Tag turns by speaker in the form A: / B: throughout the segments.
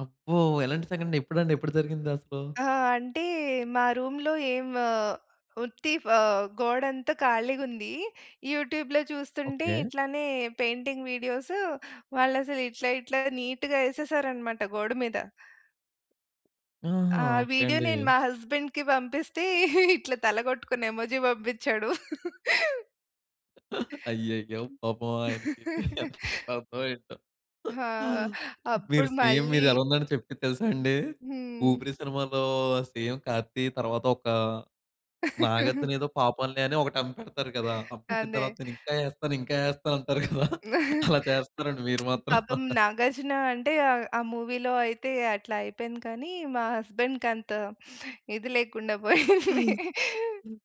A: అబ్బో! ఎలాంటి సంఘటన ఎప్పుడండి ఎప్పుడు జరిగిందసలు?
B: ఆహ్, అంటే మా రూమ్‌లో ఏం వ ఉత్తి ఫ గోడంతా ఖాళీగుంది. యూట్యూబ్‌లో చూస్తుంటే
A: ఓకే.
B: ఇట్లనే పెయింటింగ్ వీడియోసు వాళ్ళసలు ఇట్లా ఇట్లా నీట్‌గా యేసేసారనమాట గోడ మీద.
A: ఆహా!
B: ఆ
A: ఓకే
B: వీడియో
A: అండి.
B: నేను మా హస్బెండ్‌కి పంపిస్తే, ఇట్లా తల గొట్టుకొన్న ఎమోజి బంపిచ్చాడు.
A: అయ్యయ్యో! పాపం ఆయనకి ఎంతకి అర్ధం అయిందో.
B: ఆ!
A: మీరు
B: అప్పుడు
A: సేమ్
B: మళ్లీ
A: మీరెలా ఉందంటే చెప్పింది తెలుసా అండి?
B: హ్మ్.
A: ఊపిరి సినిమాలో సేమ్ 'కార్తీ' తరువాత ఒక నాగార్జునేదో పాపంలే అని ఒకటి అమ్మి పెడతారు కదా! అమ్మి పెట్టిన తర్వాత
B: అందే
A: నేనింకా ఏస్తాను, ఇంకా ఏస్తాను అంటారు కదా! అలా చేస్తున్నారండి మీరు మాత్రం.
B: పాపం 'నాగార్జున' అంటే ఆహ్, ఆ మూవీలో అయితే అట్లా అయిపోయింది కానీ మా హస్బెండ్ కంత ఇది లేకుండా పోయింది.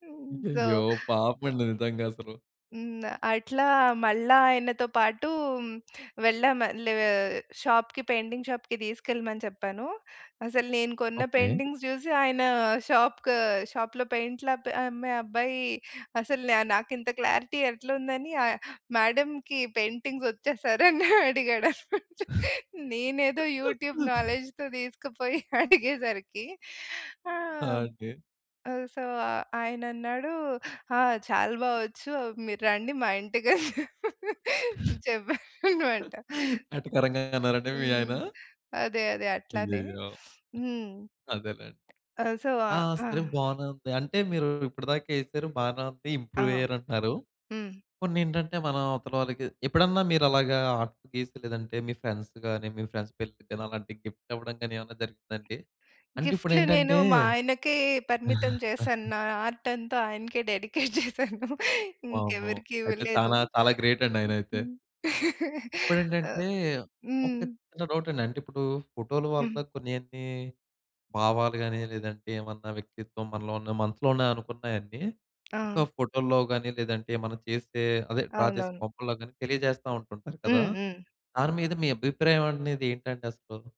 B: హ్మ్ సో
A: అయ్యయ్యో! పాపమండి నిజంగసలు.
B: హ్మ్. అట్లా మళ్ళా ఆయనతో పాటు, వెళ్ళాం మళ్లీ ఆహ్, షాప్‌కి పెయింటింగ్ షాప్‌కి తీసుకెళ్ళమని చెప్పాను. అసలు నేను కొన్న
A: ఓకే.
B: పెయింటింగ్స్ చూసి ఆయన షాప్ క షాప్‌లో పెయింట్లు అబ్బే అమ్మే అబ్బాయి అసలు నా నాకింత క్లారిటీ ఎట్లుందని ఆహ్, మేడమ్‌కి పెయింటింగొచ్చా? సార్ అని అడిగాడనమాట. నేనేదో యూట్యూబ్ నాలెడ్జ్‌తో తీసుకుపోయి అడిగేసరికి
A: ఆ!
B: ఆహ్,
A: అండి.
B: సో, ఆయనన్నాడు ఆ! చాలా బా వచ్చు. మీరు రండి మా ఇంటికని చెప్పారనమాట.
A: ఎటకారంగా అన్నారండి మీ
B: హ్మ్.
A: ఆయన?
B: అదే. అదే. అట్లానే.
A: అయ్యయ్యో!
B: హ్మ్.
A: అదేలేండి.
B: ఆ! సో,
A: ఆ!
B: ఆహ్, ఆ!
A: సరే బానే ఉంది. అంటే మీరు ఇప్పడిదాకా ఏసారు, బానే ఉంది.
B: ఆ!
A: ఇంప్రూవ్ అయ్యారంటున్నారు.
B: హ్మ్.
A: కొన్నేంటంటే, మన అవతల వాళ్ళకి ఎప్పుడన్నా మీరు అలాగా ఆర్ట్ గీసి లేదంటే, మీ ఫ్రెండ్స్ గాని, మీ ఫ్రెండ్స్ పెళ్లికి గాని, అలాంటి గిఫ్ట్ ఇవ్వడం గాని ఏవన్నా జరిగిందా అండి? అంటే
B: గిఫ్ట్లు నేను
A: ఇప్పుడేంటంటే
B: మా ఆయనకే పరిమితం చేశాను. నా ఆర్ట్ అంతా ఆయనకే డెడికేట్ జేశాను.
A: వామ్మో!
B: ఇంకెవరికి
A: అయితే
B: ఇవ్వలేదు.
A: చానా చాలా గ్రేటండి ఆయనయితే.
B: ఆహ్,
A: ఇప్పుడేంటంటే, ఒక
B: హ్మ్.
A: చిన్న డౌటండి. అంటే ఇప్పుడు ఫోటోలు
B: హ్మ్.
A: వల్ల కొన్నేంటి, భావాలు గాని, లేదంటే ఏమన్నా వ్యక్తిత్వం మనలో ఉన్న మనసులోనే అనుకున్నాయన్ని, ఒక
B: ఆ!
A: ఫోటోల్లో గాని, లేదంటే మనం చేసే, అదే డ్రా చేసే
B: అవునవును.
A: బొమ్మలలో గాని, తెలియజేస్తా ఉంటుంటారు కదా!
B: హ్మ్. హ్మ్.
A: దాని మీద మీ అభిప్రాయం అనేది ఏంటండి అసలు?